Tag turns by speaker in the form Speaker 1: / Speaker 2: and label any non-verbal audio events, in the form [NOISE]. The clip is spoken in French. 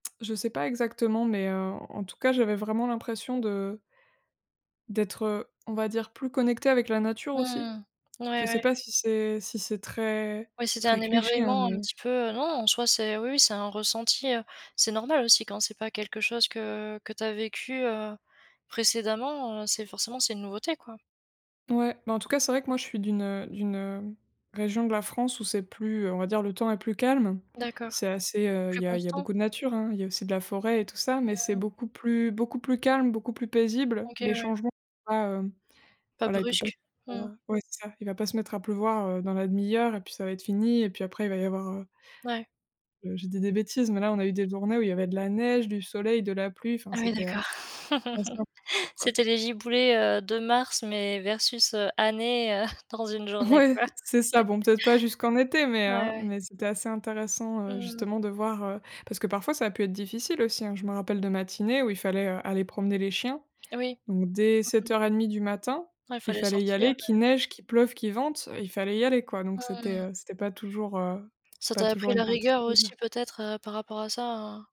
Speaker 1: Je sais pas exactement mais en en tout cas j'avais vraiment l'impression de d'être, heu, on va dire, plus connectée avec la nature aussi.
Speaker 2: Mmh. Ouais,
Speaker 1: Je sais
Speaker 2: ouais.
Speaker 1: pas si c'est si c'est très
Speaker 2: Oui, c'était
Speaker 1: très
Speaker 2: un
Speaker 1: cliché hein,
Speaker 2: émerveillement un
Speaker 1: mais
Speaker 2: petit peu. Non, en soi c'est oui, oui c'est un ressenti, heu, c'est normal aussi quand c'est pas quelque chose que que tu as vécu, heu, précédemment, heu, c'est forcément c'est une nouveauté, quoi.
Speaker 1: Ouais, bah, en tout cas, c'est vrai que moi, je suis d'une, heu, d'une, hem, région de la France où c'est plus, heu, on va dire, le temps est plus calme.
Speaker 2: D'accord.
Speaker 1: C'est assez, heu, il
Speaker 2: Plus
Speaker 1: y a il y a
Speaker 2: constant?
Speaker 1: beaucoup de nature, hein, il y a aussi de la forêt et tout ça mais c'est
Speaker 2: Mmh.
Speaker 1: beaucoup plus beaucoup plus calme, beaucoup plus paisible, les
Speaker 2: OK, ouais.
Speaker 1: changements, tu vois? Heu,
Speaker 2: Pas
Speaker 1: voilà il peut pas
Speaker 2: brusque. Mmh.
Speaker 1: [UNINTELLIGIBLE] ouais c'est ça. Il va pas se mettre à pleuvoir, heu, dans la demi-heure et puis ça va être fini et puis après il va y avoir heu
Speaker 2: Ouais.
Speaker 1: heu, je dis des bêtises, mais là, on a eu des journées où il y avait de la neige, du soleil, de la pluie enfin
Speaker 2: Ah oui,
Speaker 1: c'était, heu,
Speaker 2: d'accord.
Speaker 1: assez
Speaker 2: [LAUGHS]
Speaker 1: impressionnant, quoi.
Speaker 2: C'était les giboulées, heu, de mars mais versus, heu, années, heu, dans une journée,
Speaker 1: Ouais
Speaker 2: quoi. [LAUGHS]
Speaker 1: c'est ça, bon, peut-être pas jusqu'en été mais,
Speaker 2: Ouais,
Speaker 1: heu,
Speaker 2: ouais.
Speaker 1: mais c'était assez intéressant
Speaker 2: Mmh mh.
Speaker 1: justement de voir, heu, parce que parfois, ça a pu être difficile aussi, hein. Je me rappelle de matinées où il fallait, heu, aller promener les chiens,
Speaker 2: Oui.
Speaker 1: donc dès
Speaker 2: Mmh
Speaker 1: sept
Speaker 2: mh.
Speaker 1: heures et demie du matin
Speaker 2: Ouais,
Speaker 1: il
Speaker 2: fallait
Speaker 1: fallait y
Speaker 2: sortir,
Speaker 1: aller,
Speaker 2: ouais.
Speaker 1: qu'il neige, qu'il pleuve, qu'il vente, il fallait y aller, quoi. Donc
Speaker 2: Mmh
Speaker 1: c'était,
Speaker 2: mh.
Speaker 1: heu, c'était pas toujours, heu,
Speaker 2: Ça
Speaker 1: pas
Speaker 2: t'a
Speaker 1: toujours
Speaker 2: appris
Speaker 1: une
Speaker 2: la
Speaker 1: partie de
Speaker 2: rigueur
Speaker 1: plaisir.
Speaker 2: aussi peut-être, heu, par rapport à ça, hein?